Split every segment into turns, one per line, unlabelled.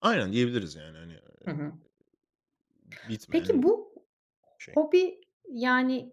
Aynen, diyebiliriz yani hani,
Hı
iii,
hı.
b
Peki,
bitmeyen
bu
şey.
hobi yani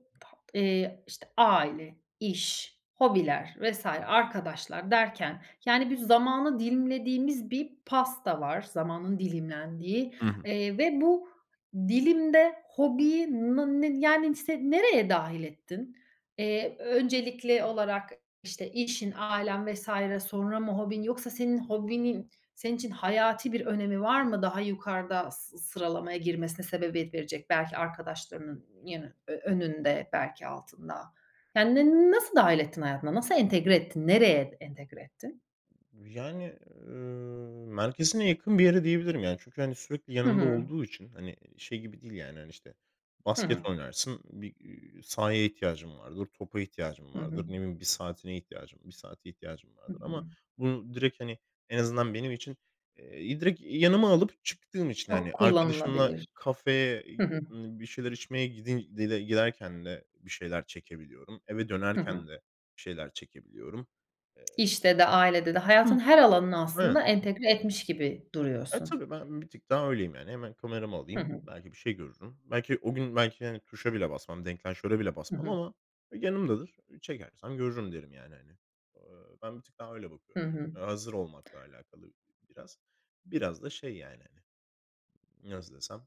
eee, işte, aile, iş, hobiler vs. arkadaşlar derken yani bir zamanı dilimlediğimiz bir pasta var, zamanın dilimlendiği,
Hı hı.
eee, ve bu dilimde hobiyi na ne yani se nereye dâhil ettin? Eee, öncelikli olarak, işte, işin, ailen vs. sonra mı hobin yoksa senin hobinin senin için hayati bir önemi var mı daha yukarıda sı sıralamaya girmesine sebebiyet verecek belki arkadaşlarının yani önünde belki altında? Yani ne nasıl dâhil ettin hayatına? Nasıl entegre ettin? Nereye entegre ettin?
Yani, ııı, merkezine yakın bir yere diyebilirim yani çünkü hani sürekli
Hı
yanımda
hı.
olduğu için hani şey gibi değil yani hani, işte,
Hı
basket
hı.
oynarsın, bir, iii, sahaya ihtiyacın vardır, topa ihtiyacın
Hı
vardır,
hı.
ne bileyim bir saatine ihtiyacım, bir saate ihtiyacım
Hı
vardır. Ama
hı.
bunu direkt hani en azından benim için, eee, direkt yanıma alıp çıktığım için
Çok
hani arkadaşımla
kullanılabilir.
kafeye, iii,
Hı hı.
bir şeyler içmeye gidi giderken de bir şeyler çekebiliyorum. Eve
Hı hı.
dönerken de bir şeyler çekebiliyorum. Eee.
İşte de ailede de
Hıh.
hayatın her alanına aslında
Evet.
entegre etmiş gibi
Eee,
duruyorsun.
tabii, ben bir tık daha öyleyim yani. Hemen kameramı
Hı
alayım,
hı.
belki bir şey görürüm. Belki o gün belki, hani, tuşa bile basmam, deklanşöre bile
Hı
basmam
hı.
ama yanımdadır. Çekersem görürüm derim yani hani. Aaa, ben bir tık daha öyle
Hı
bakıyorum.
hı.
Hazır olmakla alakalı bi biraz. Biraz da şey yani hani. Nasıl desem?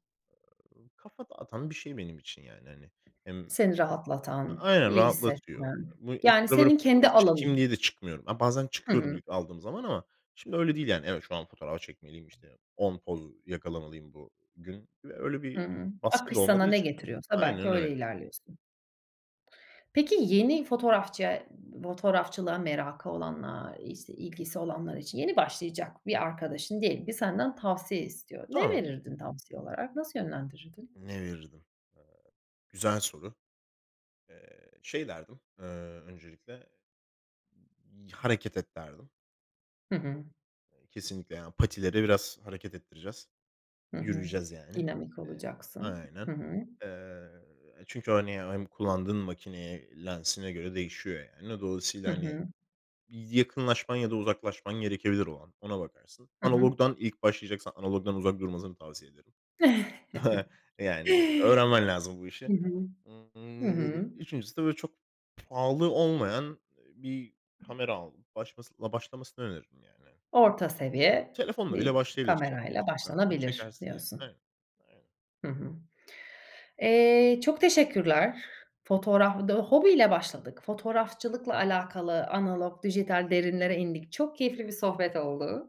Iıı, kafa dağıtan bir şey benim için yani hani hem
Seni rahatlatan,
Aynen,
iyi
rahatlatıyor.
hissetmen,
Bu ilk
yani
[unintelligible] böyle
senin kendi
fotoğraf çekeyim
alanın.
diye de çıkmıyorum. A, bazen
Hı
çıkıyordum
hı.
ilk aldığım zaman ama şimdi öyle değil yani. Evet, şu an fotoğraf çekmeliyim, işte, 10 poz yakalamalıyım bugün. Ya, öyle bir
Hıı.
baskı
Akış
da olmadığı
sana ne
için
getiriyorsa belki
Aynen
öyle
öyle.
ilerliyorsun. Peki yeni fotoğrafçı fotoğrafçılığa merakı olanlar, işte, ilgisi olanlar için, yeni başlayacak bir arkadaşın diyelim ki senden tavsiye istiyor. Ne
Tamam.
verirdin tavsiye olarak? Nasıl yönlendirirdin?
Ne verirdim? Eee, güzel soru. Eee, şey derdim, eee, öncelikle, y "hareket et" derdim.
Hı hı.
Iıı, kesinlikle yani patileri biraz hareket ettireceğiz,
Hı hı.
yürüyeceğiz yani.
Dinamik
Eee,
olacaksın.
aynen.
Hı hı.
Eee, çünkü hani hem kullandığın makineye, lensine göre değişiyor yani. D
Hı
dolayısıyla hani
hı.
bir yakınlaşman ya da uzaklaşman gerekebilir o an, ona bakarsın.
Hı hı.
Analogdan ilk başlayacaksan analogdan uzak durmasını tavsiye ederim. E, yani öğrenmen lazım bu işi.
Hı hı.
Hı,
Hı
eee,
hı.
3.'sü de böyle çok pahalı olmayan, ııı, bir kamera alıp başlamasın başlamasını öneririm yani.
Orta seviye
Telefonla bile
bir
başlayabilir çekmek
kamerayla
istiyorsan
başlanabilir
çekersin yani.
diyorsun.
Evet, aynen.
Hı hı. Eee, çok teşekkürler. Fotoğraf bu da hobiyle başladık. Fotoğrafçılıkla alakalı analog, dijital derinlere indik. Çok keyifli bir sohbet oldu.